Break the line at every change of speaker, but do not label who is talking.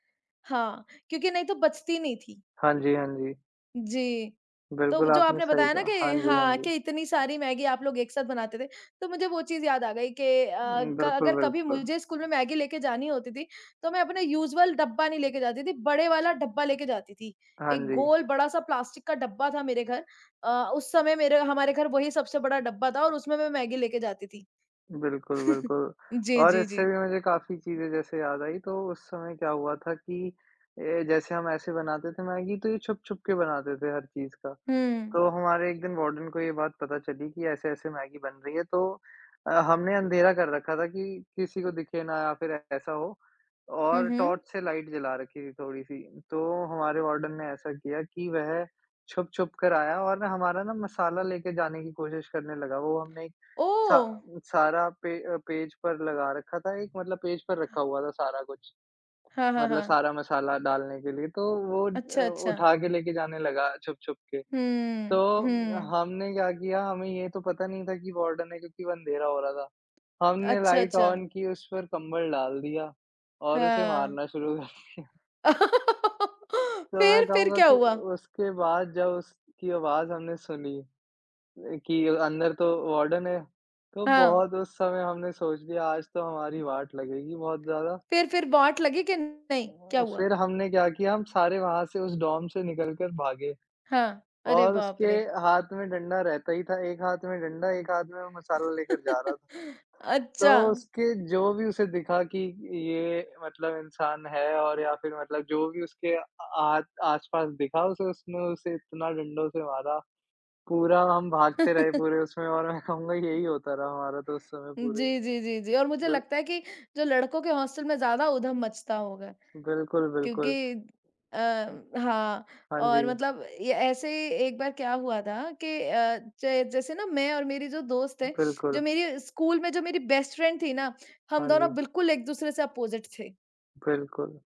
हाँ, क्योंकि नहीं तो बचती नहीं थी।
हाँ जी, हाँ जी।
जी। तो वो
बिल्कुल
जो
आपने
आपने
सही
बताया ना
कहा।
कि
हाँ जी, हाँ
हाँ,
जी।
कि इतनी सारी मैगी आप लोग एक साथ बनाते थे। तो मुझे वो चीज़ याद आ गई कि अ,
उम,
क
बिल्कुल,
अगर कभी
बिल्कुल।
मुझे स्कूल में मैगी लेके जानी होती थी तो मैं अपने यूज़ुअल डब्बा नहीं लेके जाती थी, बड़े वाला डब्बा लेके जाती थी।
हाँ
एक
जी।
गोल बड़ा-सा प्लास्टिक का डब्बा था मेरे घर अ, उस समय मेरे हमारे घर वही सबसे बड़ा डब्बा था और उसमें मैं मैगी लेके जाती थी।
बिल्कुल, बिल्कुल।
जी,
और
जी,
इससे
जी।
भी मुझे काफ़ी चीजें जैसे याद आई तो उस समय क्या हुआ था कि ये जैसे हम ऐसे बनाते थे मैगी, तो ये छुप-छुप के बनाते थे हर चीज़ का।
हुँ।
तो हमारे एक दिन वार्डन को ये बात पता चली कि ऐसे-ऐसे मैगी बन रही है। तो अ, हमने अँधेरा कर रखा था कि किसी को दिखे ना या फिर ऐसा हो
हुँ,
और
हुँ।
टॉर्च से लाइट जला रखी थी थोड़ी-सी। तो हमारे वार्डन ने ऐसा किया कि वह छुप-छुप कर आया और ना हमारा ना मसाला लेके जाने की कोशिश करने लगा। वो हमने एक सा
ओह!
सारा पे पेज पर लगा रखा था एक, मतलब पेज पर रखा हुआ था सारा कुछ।
हाँ, हाँ,
मतलब
हाँ।
सारा मसाला डालने के लिए, तो वो
अच्छा,
अ,
अच्छा।
उठा के लेके जाने लगा, छुप-छुप के।
हुँ।
तो
हुँ।
हमने क्या किया, हमें ये तो पता नहीं था कि वार्डन है क्योंकि वो अंधेरा हो रहा था। हमने
अच्छा,
लाइट
अच्छा।
ऑन की, उस पर कंबल डाल दिया और उसे
हाँ।
मारना शुरू कर दिया। तो मैं
फिर फिर
कहूँगा
क्या
कि
हुआ?
उसके बाद जब उसकी आवाज़ हमने सुनी कि अंदर तो वार्डन है। तो
हाँ।
बहुत उस समय हमने सोच लिया आज तो हमारी वाट लगेगी बहुत ज़्यादा।
फिर फिर बाट लगी कि नहीं? क्या
उम,
हुआ?
फिर हमने क्या किया, हम सारे वहाँ से उस डोम से निकल कर भागे।
हाँ, अरे
और
बाप
उसके
रे!
हाथ में डंडा रहता ही था, 1 हाथ में डंडा, 1 हाथ में मसाला लेकर जा रहा था। तो
अच्छा।
उसके जो भी उसे दिखा कि ये मतलब इंसान है और या फिर मतलब जो भी उसके आ आस आस-पास दिखा, उसे उसने उसे इतना डंडों से मारा। पूरा हम भागते रहे पूरे उसमें और मैं कहूँगा यही होता रहा हमारा तो उस समय पूरे
जी, जी, जी, जी। और मुझे
बिल
लगता है कि जो लड़कों के हॉस्टल में ज़्यादा उधम मचता होगा।
बिल्कुल, बिल्कुल।
क्योंकि अ, हाँ,
हाँ
और
जी।
मतलब ये ऐसे ही एक बार क्या हुआ था कि अ, जै जैसे ना मैं और मेरी जो दोस्त है,
बिल्कुल।
जो मेरी स्कूल में जो मेरी बेस्ट फ्रेंड थी ना, हम
हाँ जी।
दोनों बिल्कुल एक दूसरे से अपोज़िट थे।
बिल्कुल।